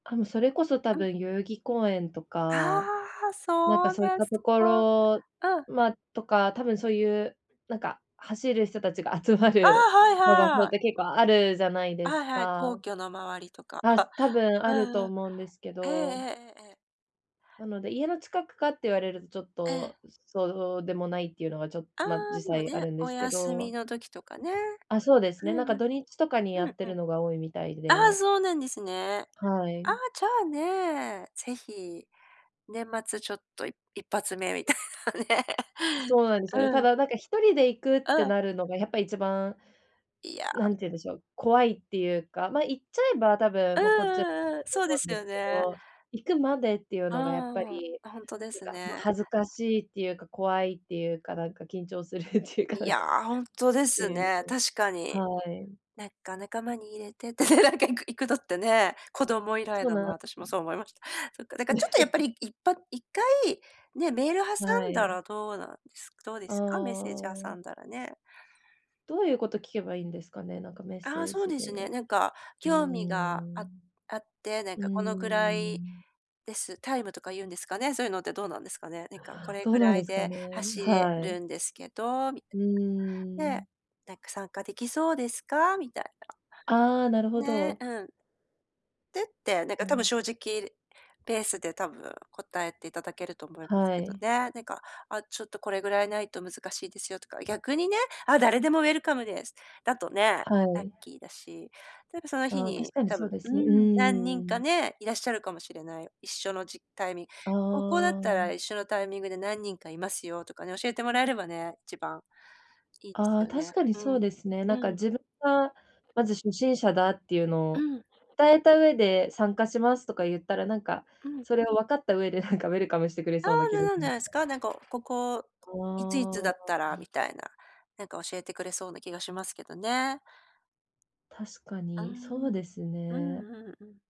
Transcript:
あの、それこそ多うん。分代々木公園とか、ああ、なんかそうでそういったすとこか。ろ、うん。ま、とか多分、そういう、なんか走る人たちが集まああ、るはのが、そういやはい。って結構あるじゃないではいすはい、か。皇居の周りとか、あす 多分あるうとん、う。思うんですけええど。ええええええ。なので、家の近くかって言われる、ちょっえと、え。そそうでもないっていうのがちょっと、あま、あ、で実も際あね、るんでおすけ休みど。の時とかね。あ、そうですうね、なんんかうん。土日とかにやうんうん。ってるのが多いみたいああ、で。そうなんですね。はあい。あ、じゃあね、ぜひ、年末ちょっとい一発目みたいなね、そうなんですよね。たうん。だなんか、一人で行くっうてん。なるのが、やっぱ一番、いやなんて言うんでしょう、怖いっていうか、ま、行っちゃえば、多う分んもうこっち、うんうん、とそうで思すうんでよすけね。ど、行くまでっていうのがやっぱあり、あ、あ、ほんとでなんすか、ま、ね。恥ずかしいっていうか、怖いっていうか、なんか緊張するっていうかいなんや、かっほんとでてすいう、ね、確かに、はい。なんか仲間に入れてってね、なんか行く行くのってね、子供以来そうだな、な私もんそう思いました。そっか、なんかちょっとやっぱり いいっぱ1回、ね、メール挟はんだい。らどうなんですどうであすか？メッセージ挟あ。んだらね。どういうこと聞けばいいんですかね？なんかメッああ、セーそうジですね。で。なんかうー「興味がん。ああって、なんうーかこのぐらいん。です」タイムとか言うんですかね？そういうのってどうなんですかね。なんか「これどうぐなんらいですかでね？走れはるい。んですけど」みたういーなん。で、なんか「参加出来そうですか？」みたいああ、なるな。ほね、ど。うん。てって、なんうか多分ん。正直、ペースで多分答えていただけると思いますはけどい。ね。なんか、あ、ちょっとこれぐらいないと難しいですよとか、逆にね、あ、誰でもウェルカムです、だとね、はラッい。キーだし。例えばその日ああ、確に、かに多そう分でうすね、うん、何人ーかん。ね、いらっしゃるかもしれない、一緒のじタイミあここだったらあ。一緒のタイミングで何人か居ますよとかね、教えてもらえればね、一番いいですああ、よね。確かにうそうん。ですね。なんかうん。自分が、まず初心者だっていうのうをん。伝えた上で、参加しますとか言ったら、なんか、うん。それを分かった上で、なんかウェルカムしてくれあそうなあ、気なもしなんじまゃしないすた。か、なんかをここ、いついあつだったら、あ。みたいな、なんか教えてくれそうな気がしますけどね。確かうに、そうん、ですうんね。うんうん。